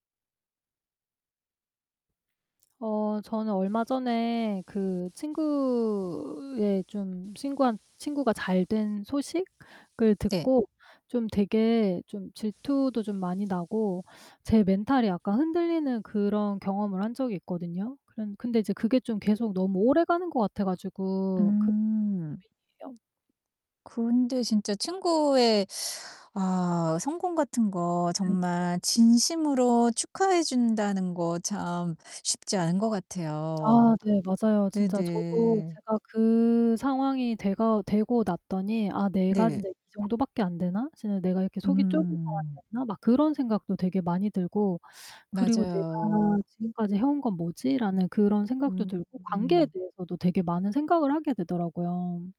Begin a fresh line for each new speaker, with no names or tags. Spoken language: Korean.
어 저는 얼마 전에 그 친구의 좀 친구한 친구가 잘 된 소식을
네.
듣고 좀 되게 좀 질투도 좀 많이 나고 제 멘탈이 약간 흔들리는 그런 경험을 한 적이 있거든요. 그런 근데 이제 그게 좀 계속 너무 오래 가는 것 같아 가지고 그
음.
고민이에요.
근데 진짜 친구의 아 성공 같은 거
네.
정말 진심으로 축하해 준다는 거 참 쉽지 않은 것 같아요.
아 네 맞아요. 진짜 저도
네네.
제가 그 상황이 돼가 되고 났더니 '아 내가
네.
진짜 이 정도 밖에 안 되나? 진짜 내가 이렇게 속이 좁은
음.
사람이었나?' 막 그런 생각도 되게 많이 들고 그리고' 내가
맞아요.
지금까지 해 온 건 뭐지?'라는 그런 생각도 들고 관계에
음.
대해서도 되게 많은 생각을 하게 되더라고요.